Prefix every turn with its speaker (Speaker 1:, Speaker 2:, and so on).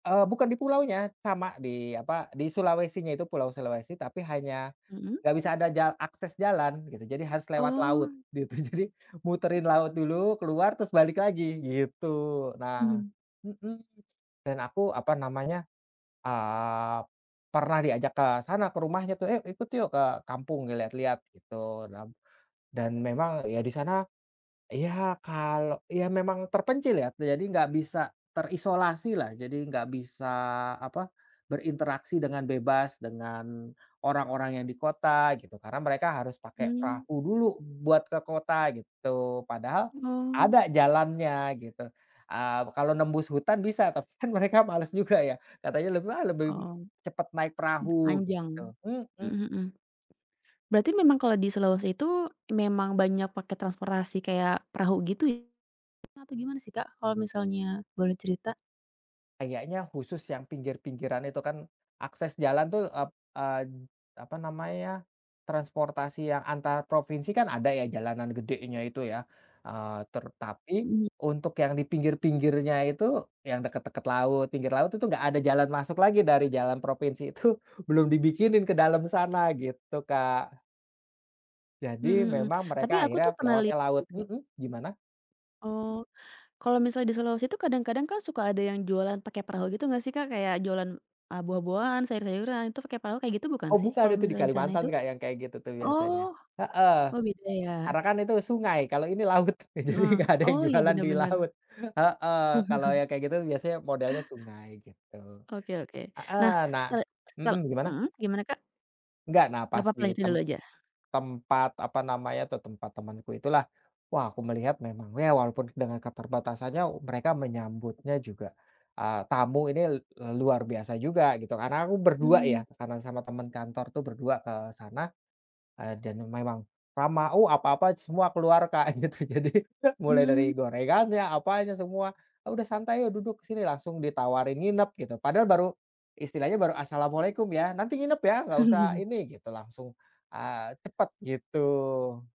Speaker 1: Eee, bukan di pulaunya, sama di apa di Sulawesi-nya itu Pulau Sulawesi tapi hanya
Speaker 2: Mmm.
Speaker 1: enggak bisa ada jal akses jalan gitu. Jadi harus lewat laut
Speaker 2: Oh.
Speaker 1: gitu, jadi muterin laut dulu, keluar terus balik lagi gitu nah
Speaker 2: Hmm.
Speaker 1: mhm, dan aku apa namanya, eee, pernah diajak ke sana ke rumahnya tuh, "Ayuk, ikut yuk ke kampung lihat-lihat," gitu, dam dan memang ya di sana iya kalau iya memang terpencil ya, jadi nggak bisa terisolasilah, jadi nggak bisa apa, berinteraksi dengan bebas dengan orang-orang yang di kota gitu, karena mereka harus pake
Speaker 2: Mmm.
Speaker 1: perahu dulu buat ke kota gitu, padahal
Speaker 2: Oh.
Speaker 1: ada jalannya gitu. Eee, kalau nembus hutan bisa tapi kan mereka males juga ya, katanya lebih, "Ah, lebih
Speaker 2: Oh,
Speaker 1: cepat naik
Speaker 2: mmm,
Speaker 1: perahu
Speaker 2: panjang.
Speaker 1: gitu. Mhm.
Speaker 2: Mhm mhm. Berarti memang kalau di Sulawesi itu, memang banyak pakai transportasi kayak perahu gitu ya, atau gimana sih, Kak, kalau misalnya boleh cerita?
Speaker 1: Kayaknya khusus yang pinggir-pinggiran itu kan akses jalan tuh ep eee, apa namanya, transportasi yang antar provinsi kan ada ya jalanan gedenya itu ya, eee, ter tapi,
Speaker 2: Mmm.
Speaker 1: untuk yang di pinggir-pinggirnya itu, yang deket-deket laut pinggir laut itu enggak ada jalan masuk lagi dari jalan provinsi itu belum dibikinin ke dalam sana gitu, Kak. Jadi
Speaker 2: Mmm mmm.
Speaker 1: memang mereka
Speaker 2: Tapi aku
Speaker 1: akhirnya
Speaker 2: tuh pernah
Speaker 1: lewatnya
Speaker 2: lihat
Speaker 1: laut.
Speaker 2: sih, Kak
Speaker 1: Mmm, gimana?
Speaker 2: eee, kalau misalnya di Sulawesi itu kadang-kadang kan suka ada yang jualan pake perahu gitu gak sih, Kak? Kayak jualan, eee, buah-buahan, sayur-sayuran itu pake perahu kayak gitu bukan
Speaker 1: Oh
Speaker 2: sih?
Speaker 1: bukan
Speaker 2: Kalau
Speaker 1: itu di
Speaker 2: misalnya di sana
Speaker 1: Kalimantan,
Speaker 2: itu?
Speaker 1: Kak, yang kayak gitu tuh
Speaker 2: Oh
Speaker 1: biasanya. Heeh.
Speaker 2: oh beda ya.
Speaker 1: Karena kan itu sungai kalau ini laut. Eee, jadi
Speaker 2: Heeh.
Speaker 1: nggak ada yang
Speaker 2: Oh, iya
Speaker 1: jualan
Speaker 2: bener
Speaker 1: di
Speaker 2: bener.
Speaker 1: laut, heeh, kalau yang kayak gitu biasanya modelnya sungai gitu.
Speaker 2: Oke oke. Nah,
Speaker 1: Heeh, nah
Speaker 2: setele setel
Speaker 1: mhm, gimana?
Speaker 2: mmm, gimana, Kak?
Speaker 1: Nggak
Speaker 2: Gak
Speaker 1: nafas
Speaker 2: apa-apa
Speaker 1: di
Speaker 2: dilanjutin dulu
Speaker 1: temp
Speaker 2: aja.
Speaker 1: tempat apa namanya tuh, tempat temanku itulah, wah aku melihat memang ya walaupun dengan keterbatasannya mereka menyambutnya juga, eee, tamu ini l luar biasa juga gitu. Karena aku berdua
Speaker 2: Mmm.
Speaker 1: ya, tekanan sama temen kantor tuh berdua ke sana, eee, dan memang ramah. Uh, apa-apa semua keluar, Kak, gitu, jadi mulai dari
Speaker 2: Mmm.
Speaker 1: gorengannya, apa aja semua, "Udah santai, ayo duduk sini," langsung ditawarin nginep gitu, padahal baru istilahnya baru, "Assalamualaikum, ya nanti nginep ya nggak usah ini," gitu langsung, eee, cepet gitu.